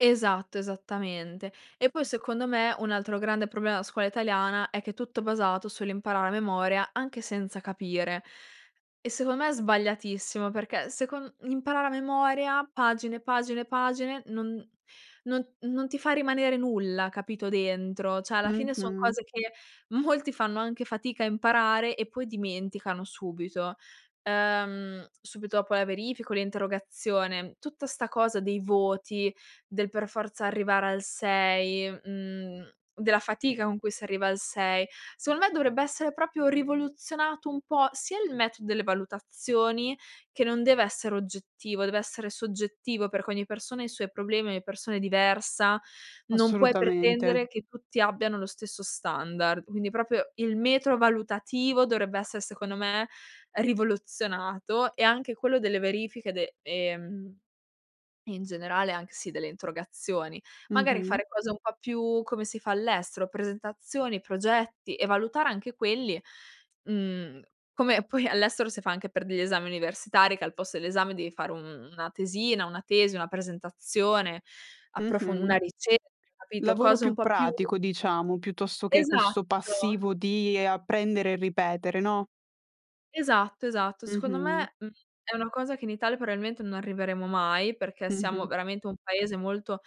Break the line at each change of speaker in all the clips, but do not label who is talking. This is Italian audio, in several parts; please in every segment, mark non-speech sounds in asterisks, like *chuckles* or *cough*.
Esatto, esattamente. E poi secondo me, un altro grande problema la scuola italiana, è che è tutto basato sull'imparare a memoria, anche senza capire. E secon me è sbagliatissimo, perché secon imparare a memoria pagine, pagine, pagine, non non non ti fa rimanere nulla, capito, dentro; cioè alla fine son
Mh-mh.
cose che molti fanno anche fatica a imparare e poi dimenticano subito ehm, subito dopo la verifica o l'interrogazione. Tutta sta cosa dei voti, del per forza arrivare al 6, mhmm, della fatica con cui si arriva al 6. Secondo me dovrebbe essere proprio rivoluzionato un po', sia il metro delle valutazioni, che non deve essere oggettivo, deve essere soggettivo, perché ogni persona ha i suoi problemi, ogni persona è diversa, non puoi
Assolutamente.
pretendere che tutti abbiano lo stesso standard. Quindi proprio il metro valutativo dovrebbe essere, secondo me, rivoluzionato e anche quello delle verifiche de ehm, e in generale anche sì delle interrogazioni. Magari
Mh-mh.
fare cose un po' più come si fa all'estero: presentazioni, progetti e valutare anche quelli, mhmm, come poi all'estero si fa anche per degli esami universitari, che al posto dell'esame devi fare un una tesina, una tesi, una presentazione, approfon
Mh-mh.
una ricerca, capito?
Lavoro
Cose un
più
po' più
pratico diciamo, piuttosto che questo
Esatto.
passivo di apprendere e ripetere, no?
Esatto, esatto. Secondo
Mh-mh.
me, mhmm, è una cosa che in Italia probabilmente non arriveremo mai, perché siamo
Mh-mh.
veramente un paese molto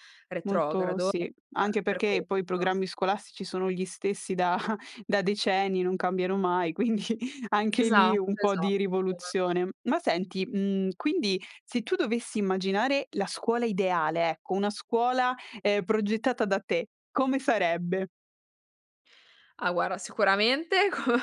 Molto
retrogrado, uhm,
sì. Anche
per
perché
questo.
poi i programmi scolastici sono gli stessi da da decenni, non cambiano mai, quindi anche lì
Esatto,
un po'
esatto.
di rivoluzione. Ma senti, mhmm, quindi se tu dovessi immaginare la scuola ideale, ecco, una scuola, ehm, progettata da te, come sarebbe?
Ah guarda sicuramente come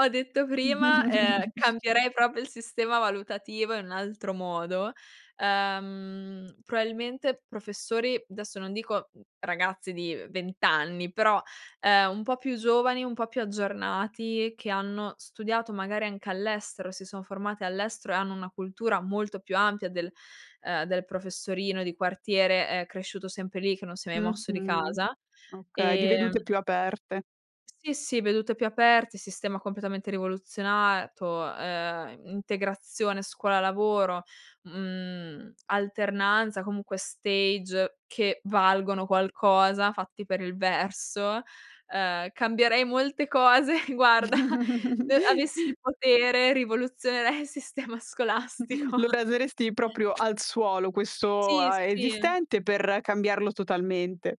ho detto prima, ehm,
*chuckles*
cambierei proprio il sistema valutativo in un altro modo. Uhm, probabilmente professori, adesso non dico, mhmm, ragazzi di 20 anni, però, ehm, un po' più giovani, un po' più aggiornati, che hanno studiato magari anche all'estero, si son formati all'estero e hanno una cultura molto più ampia del ehm, del professorino di quartiere, ehm, cresciuto sempre lì che non si è mai mosso di
Mh-mh.
casa.
Okay, di
Ehm
vedute più aperte.
Sì, sì, vedute più aperte, sistema completamente rivoluzionato, ehm, integrazione scuola-lavoro, mhmm, alternanza, comunque stage che valgono qualcosa, fatti per il verso ehm, cambierei molte cose, guarda, e avessi
*chuckles*
il potere, rivoluzionerei il sistema
*chuckles* Lo
scolastico.
raseresti proprio al suolo questo
Sì,
a
sì.
esistente per cambiarlo totalmente.